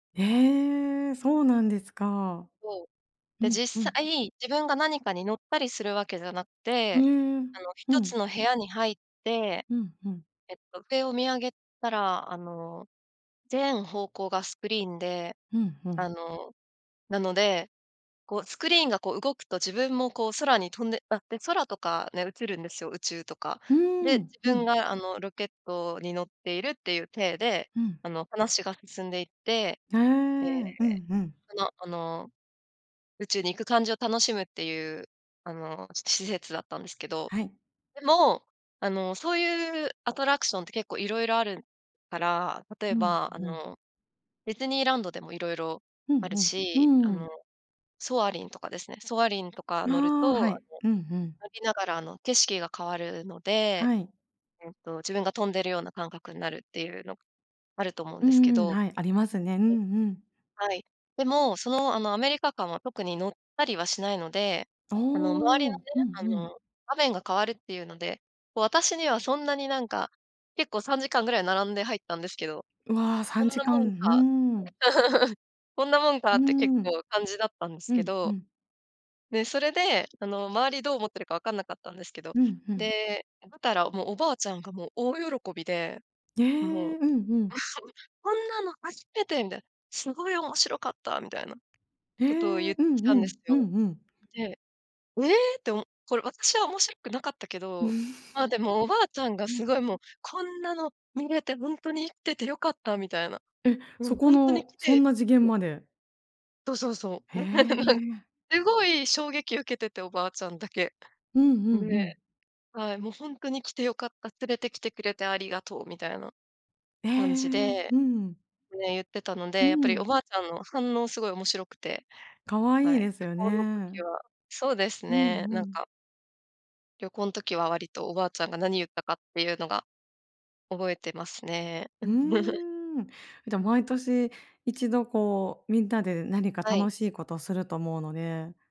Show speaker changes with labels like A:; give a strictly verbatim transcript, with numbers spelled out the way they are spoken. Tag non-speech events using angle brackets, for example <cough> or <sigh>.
A: ええ、そうなんですか。
B: そう。
A: う
B: で、
A: ん、う
B: 実
A: ん。
B: 際、自分が何かに乗ったりするわけじゃなく
A: う
B: て、
A: ーん、
B: あの
A: う
B: 一
A: ん。
B: つの部屋に入って、
A: うんうん。
B: えっと上を見上げたら、あの、全方向がスクリーンで、
A: ふんふ
B: あ
A: ん。
B: の、なので、こうスクリーンがこう動くと自分もこう空に飛んであっ、で、空とかね、映るんですよ、宇宙とか。
A: うー
B: で、
A: ん、う
B: 自分
A: ん。
B: があのロケットに乗っているっていう体で、
A: うん。
B: あの話が進んでいって、
A: へえ。う
B: で、
A: んうん。
B: あのあの、宇宙に行く感じを楽しむっていう、あの施設だったんですけど、
A: はい。
B: でも、あのそういうアトラクションって結構色々あるから、例え
A: うん、
B: ばあ
A: うん。
B: のディズニーランドでも色々
A: う
B: ある
A: んう
B: し、あ
A: ん、うーん。
B: のソアリンとかですね。ソアリンとか
A: あ
B: 乗ると、
A: あ、は
B: あ
A: い。
B: の、
A: うんうん。
B: 乗りながら、あの、景色が変わるので、
A: はい。
B: えっと自分が飛んでるような感覚になるっていうのあると思うん
A: うー
B: ですけ
A: ん、
B: ど、
A: はい、ありますね。うんうん。
B: はい。はい。でも、その、あのアメリカ館は特に乗ったりはしないので、
A: ああ、う
B: あの周りの
A: んう
B: ね、あ
A: ん。
B: の場面が変わるっていうので、こう私にはそんなになんか、結構さんじかんぐらい並んで入ったんですけど、
A: うわあ、さ
B: こん
A: んじ
B: な
A: か
B: も
A: ん。
B: ん
A: う
B: か、
A: ーん。
B: <giggles> こんなもんか
A: う
B: な
A: ー
B: って結
A: ん。
B: 構感じだったんです
A: う
B: け
A: ん、う
B: ど。
A: ん。
B: で、それで、あの周りどう思ってるか分かんなかったんですけど、
A: うん、ふん。
B: で、ばたらもう、おばあちゃんがもう大喜びで、
A: え
B: も
A: え、
B: う、
A: うんうん。
B: <giggles>「こんなの初めて」みたいな「すごい面白かった」みたいな
A: へ
B: ことをゆ
A: え、
B: っ
A: う
B: てき
A: ん
B: た
A: う
B: んで
A: ん、
B: す
A: う
B: よ。
A: んうん。
B: で、ええっておもこれ私は面白くなかったけど、まあ、でもおばあちゃんがす
A: <chuckles>
B: ごいもう「こんなの見れてほんとに生きてて良かった」みたいな。
A: え、
B: う
A: そ
B: ん、
A: こ
B: ほんとに
A: の、
B: 来
A: そん
B: て
A: な次元
B: そう。
A: まで
B: そうそうそう。
A: へ
B: <laughs>
A: え。
B: すごい衝撃受けてておばあちゃんだけ。
A: うんうんうん。
B: で、はい、「もうほんとに来てよかった、連れてきてくれてありがとう」みたいな
A: へえ、
B: 感じで、
A: うん。
B: ね、ゆってたの
A: う
B: で、やっぱりお
A: ん。
B: ばあちゃんの反応すごい面白くて、
A: 可愛
B: は
A: い
B: い、
A: です
B: 旅
A: よね。う
B: 行の時
A: ん
B: は、そうです
A: う
B: ね、なん
A: ん。
B: か旅行ん時は割とおばあちゃんが何ゆったかっていうのが、覚えてますね。
A: う
B: <giggles>
A: ーん。じゃ、毎年一度こうみんなで何か
B: はい。
A: 楽しいことをすると思うので